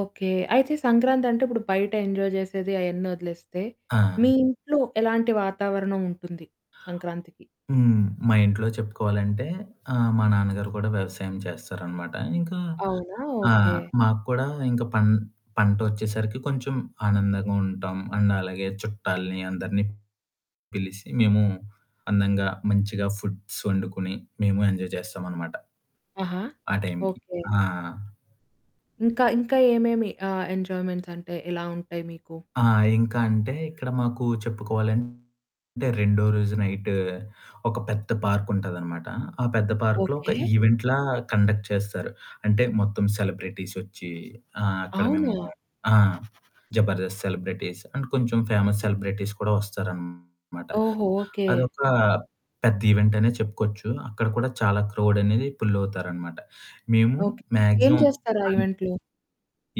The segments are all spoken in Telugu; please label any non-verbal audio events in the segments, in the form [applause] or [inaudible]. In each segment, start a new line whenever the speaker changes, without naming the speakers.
ఓకే. అయితే సంక్రాంతంటే ఇప్పుడు బయట ఎంజాయ్ చేసేది అయన్నీ వదిలేస్తే,
ఆ!
మీ ఇంట్లో ఎలాంటి వాతావరణం ఉంటుంది సంక్రాంతికి?
హ్మ్. మా ఇంట్లో చెప్పుకోవాలంటే ఆహ్, మా నాన్నగారు కూడా వ్యవసాయం చేస్తారన్నమాట, ఇంకా
అవునా!
ఆ!
ఓకే.
మకూడా ఇంకా పం పంటోచ్చేసరికి కొంచెం ఆనందంగా ఉంటాం. అండ్ అలాగే చుట్టాల్ని అందరిని పిలిసి మేము అందంగా, మంచిగా ఫుడ్స్ వండుకొని మేము ఎంజాయ్ చేస్తామనమాట.
ఆహా!
ఆ! టైమ్‌కి.
ఓకే.
ఆ!
ఇంకా ఇంకా ఏమేమి ఆహ్, ఎంజాయ్మెంట్స్ అంటే ఎలా ఉంటాయి మీకు?
ఆ! ఇంకాంటే ఇక్కడ మాకు చెప్పుకోవాలంటే రెండో రోజు నైట్ ఒక పెద్ద పార్కుంటదన్నమాట. ఆ పెద్ద పార్కు‌లో ఒక
ఓకే.
ఈవెంట్‌లా కండక్ట్ చేస్తారు. అంటే మొత్తం సెలబ్రిటీసొచ్చి, ఆ! అక్కడ మేము
అవునా?
ఆ! జబర్దస్త్ సెలబ్రిటీస్ అండ్ కొంచెం ఫేమస్ సెలబ్రిటీస్ కూడా వస్తారనమాట.
ఓహో! ఓకే.
అదొక పెద్ద ఈవెంట్ అనే చెప్పుకోవచ్చు. అక్కడ కూడా చాలా క్రౌడ్ అనేది పుల్ అవుతారన్నమాట. మేము
ఓకే. ఏం
మాక్సిమం
చేస్తారు? ఆ!
అండ్
ఈవెంట్‌లో?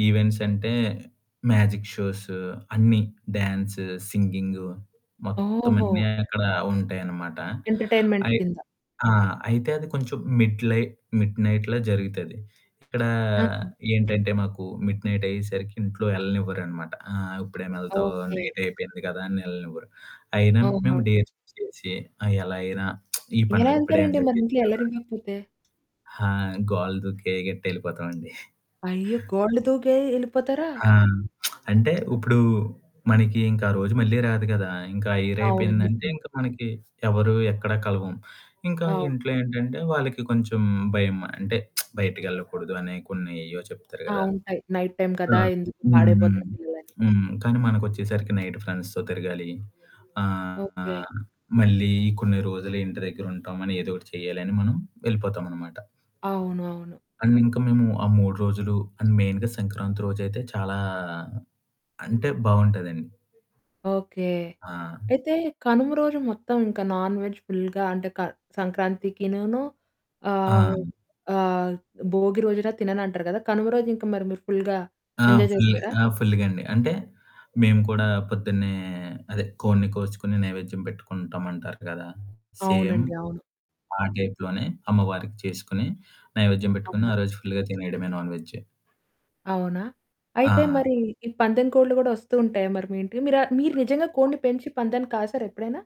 ఈవెంట్స్ అంటే మ్యాజిక్ షోస్ అన్నీ డ్యాన్సు, సింగింగు మొత్తం అన్నీ
ఓహో!
అక్కడ ఉంటాయనమాట,
ఎంటర్టైన్మెంట్
అయి
కింద.
ఆ! అయితే అది కొంచెం మిడ్ లైట్ మిడ్ నైట్‌లో జరుగుతది. ఇక్కడ
ఆ!
ఏంటంటే మాకు మిడ్ నైట్ అయ్యేసరికి ఇంట్లో ఎళ్ళనివ్వరనమాట, ''ఆ! ఇప్పుడేమెళ్తావు.
ఓకే.
నైట్ అయిపేంది కదా'' అనెళ్ళనివ్వరు. అయినా మేము
ఆహా!
డేర్ చేసి ఎలా అయినా [smacks lips] ఈ
ఎలా
పండుగ ఇప్పుడే
ఏళ్తారండి?
ఎంజాయ్
మరి ఇంట్లో
చేసేయాలిరా
ఎల్లనివ్వకపోతే?
ఆ! గోలు దూకే గట్టేళ్ళిపోతామండి.
అయ్యో!
[chuckles]
గోళ్ళు దూకే ఏళ్ళిపోతారా!
ఆ! [smacks lips] అంటే ఇప్పుడు మనకి ఇంకా ఆ రోజు మళ్ళీ రాదు కదా! ఇంకా ఆ ఇయర్
అవును,
అయిపోయిందంటే,
నిజమే.
ఇంకా మనకి ఎవరు, ఎక్కడ కలవం. ఇంకా
అవును.
ఇంట్లో ఏంటంటే వాళ్ళకి కొంచెం భయమా [smacks lips] అంటే బయటికేళ్ళకూడదు అనే కొన్ని ఏయ్యో చెప్తారు
ఆ!
కదా!
ఉంటాయి. నైట్ టైమ్
ఆ!
కదా! ఎందుకు
హ్మ్, హ్మ్,
పాడైపోతారు పిల్లలని.
హ్మ్. కానీ మనకొచ్చేసరికి నైట్ ఫ్రెండ్స్‌తో తిరగాలి,
ఓకే.
ఆహ్, మళ్ళీ కొన్ని రోజులు ఇంటి దగ్గరుంటాం అనేదోకటి చేయాలి అని మనం ఏళ్ళిపోతామన్నమాట.
అవును. అవును.
అండ్ ఇంకా మేము ఆ 3 రోజులు అండ్ మెయిన్‌గా సంక్రాంతి రోజైతే చాలా అంటే బావుంటదండి.
ఓకే.
ఆ!
అయితే కనుమ రోజు మొత్తం ఇంకా నాన్ వెజ్ ఫుల్‌గా అంటే క సంక్రాంతికినూనూ ఆహ్,
ఆ!
ఆహ్, భోగి రోజున తినన్నంటారు కదా! కనుమ రోజు ఇంకా మరి మీరు ఫుల్‌గా
ఆ!
ఎంజాయ్
ఫుల్
చేస్తారా?
ఆ! ఫుల్లుగాండి. అంటే మేము కూడా పొద్దున్నే అదే కోడిని కోచుకొని నైవేద్యం పెట్టుకుంటాం అంటారు కదా! సేమ్
అవునండి అవును.
ఆ టైప్‌లోనే అమ్మవారికి చేసుకొని నైవేద్యం పెట్టుకొని
అవునా?
ఆ రోజు ఫుల్‌గా తినేయడమే నాన్ వేజ్.
అవునా? అయితే
ఆ!
మరి ఈ పందెం కోడ్లు కూడా వస్తూ ఉంటాయా మరి మీ ఇంటికి? మీరు మీరు నిజంగా కోడిని పెంచి పందెం కాసార ఎప్పుడైనా?